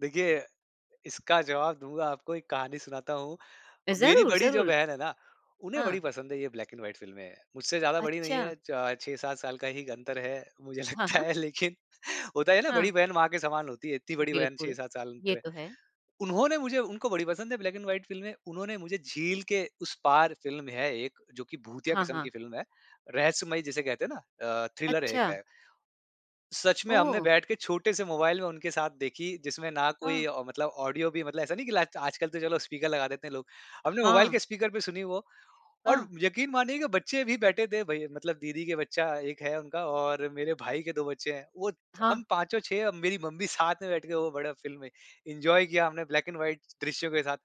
देखिए, इसका जवाब दूँगा आपको एक कहानी सुनाता हूँ, मेरी ज़रूर, बड़ी जो ज़रूर। बहन है ना, उन्हें हाँ। बड़ी पसंद है ये ब्लैक एंड व्हाइट फ़िल्में। मुझसे ज़्यादा बड़ी नहीं अच्छा। है च 6-7 साल का ही अंतर है, मुझे हाँ, लगता हाँ। है लेकिन होता है ना हाँ। बड़ी बहन माँ के समान होती है, इतनी बड़ी बहन छह बिल्कुल, सात साल ये अंतर है। तो है। उन्होंने मुझे उनको बड़ी पसंद है ब्लैक एंड व्हाइट फ़िल्में, उन्होंने मुझे झील के उस पार फ़िल्म है एक जो कि भूतिया हाँ, किस्म हाँ। की फ़िल्म है, रहस्यमयी जिसे कहते हैं ना अ, थ्रिलर एक अच्छा। है। सच में हमने ओह! बैठ के छोटे से मोबाइल में उनके साथ देखी, जिसमें ना हाँ। कोई मतलब ऑडियो भी मतलब ऐसा नहीं कि ल आजकल तो चलो स्पीकर लगा देते हैं लोग। हमने मोबाइल हाँ। के स्पीकर पे सुनी वो और हाँ। यकीन मानिए की बच्चे भी बैठे थे भाई मतलब दीदी के बच्चा 1 है उनका और मेरे भाई के 2 बच्चे हैं। वो हाँ। हम पाँचो 6 मेरी मम्मी साथ में बैठ के वो बड़ा फ़िल्म में एन्जॉय किया हमने ब्लैक एंड व्हाइट दृश्यों के साथ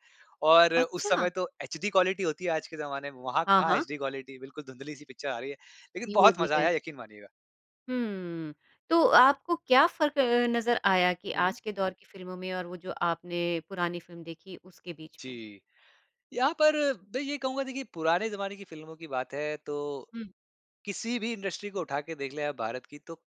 और उस समय अच्छा। तो एचडी क्वालिटी होती है आज के ज़माने में, वहाँ हाँ, कहाँ हाँ। एचडी क्वालिटी बिल्कुल धुँधली सी पिक्चर आ रही है। लेकिन ये बहुत भी मज़ा है। आया यकीन मानिएगा। हुँ, तो आपको क्या फ़र्क अ, नजर आया कि हुँ, हुँ। आज के दौर की फ़िल्मों में और वो जो आपने पुरानी फ़िल्म देखी उसके बीच में? जी, यहाँ पर मैं ये कहूँगा देखिए पुराने ज़माने की फ़िल्मों की बात है तो, हुँ। किसी भी इंडस्ट्री को उठा के देख लें आप भारत की तो,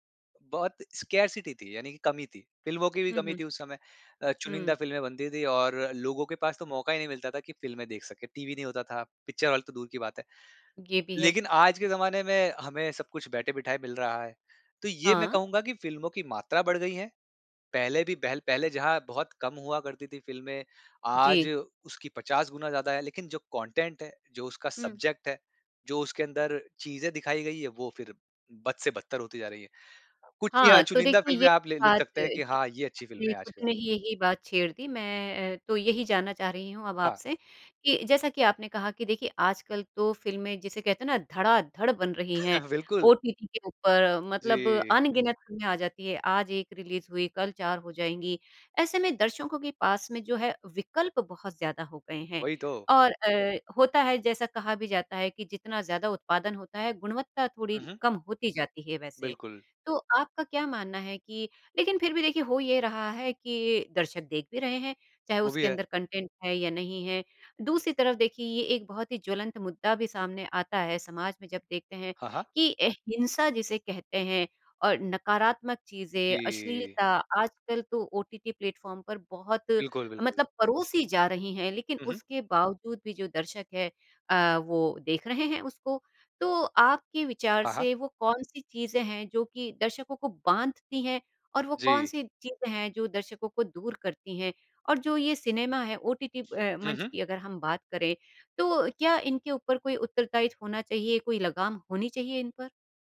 बहुत स्कार्सिटी थी यानी कि कमी थी। फ़िल्मों की भी हुँ, कमी हुँ। थी उस समय अ, चुनिंदा हुँ। फ़िल्में बनती थी और लोगों के पास तो मौका ही नहीं मिलता था कि फ़िल्में देख सकें, टीवी नहीं होता था, पिक्चर हॉल तो दूर की बात है। ये भी है। लेकिन आज के जमाने में हमें सब कुछ बैठे-बिठाए मिल रहा है, तो ये मैं हाँ। कहूँगा कि फ़िल्मों की मात्रा बढ़ गई है, पहले भी पहल पहले जहाँ बहुत कम हुआ करती थी फ़िल्में, आज जी। उसकी 50 गुना ज़्यादा है, लेकिन जो कंटेंट है, जो उसका हुँ। सब्जेक्ट है, जो उसके अंदर चीजें दिखाई गई हैं, वो फिर बद से बदतर होती जा रही है। कुछ चिया हाँ, तो चुनिंदा देखिए ये फ़िल्में आप लि लिख बात सकते अ, हैं कि हाँ, ये अच्छी फ़िल्म आपने है आज खुद के जमाने ने ही यही बात छेड़ दी मैं तो यही जानना चाह रही हूँ अब हाँ। आपसे, कि जैसा कि आपने कहा कि देखिए आजकल तो फ़िल्में जिसे कहते हैं ना धड़ाधड़ बन रही हैं, बिल्कुल। ओटीटी के ऊपर मतलब जी। अनगिनत फ़िल्में आ जाती है, आज एक रिलीज हुई कल 4 हो जाएँगी, ऐसे में दर्शकों के पास में जो है विकल्प बहुत ज़्यादा हो गए हैं, वही तो। और अ, होता है जैसा कहा भी जाता है कि जितना ज़्यादा उत्पादन होता है, गुणवत्ता थोड़ी हुँ, हुँ। कम होती जाती है वैसे। बिल्कुल। तो आपका क्या मानना है कि लेकिन फिर भी देखिए हो ये रहा है कि दर्शक देख भी रहे हैं, चाहे वो भी उसके है। अंदर कंटेंट है या नहीं है। दूसरी तरफ देखिए ये एक बहुत ही ज्वलंत मुद्दा भी सामने आता है समाज में जब देखते हैं हाँ, हाँ। कि ए हिंसा जिसे कहते हैं और नकारात्मक चीज़ें, जी। अश्लीलता आजकल तो ओटीटी प्लेटफ़ॉर्म पर बहुत बिल्कुल, बिल्कुल। मतलब परोसी जा रही हैं, लेकिन हुँ, हुँ। उसके बावजूद भी जो दर्शक है अ, वो देख रहे हैं उसको तो आपके विचार हाँ, हाँ। से वो कौन-सी चीज़ें हैं जो कि दर्शकों को बाँधती हैं और वो जी। कौन-सी चीज़ें हैं, जो दर्शकों को दूर करतीं हैं और जो ये सिनेमा है, ओटीटी अ, हुँ, मंच हुँ। की अगर हम बात करें, तो क्या इनके ऊपर कोई उत्तरदायी होना चाहिए, कोई लगाम होनी चाहिए इन पर?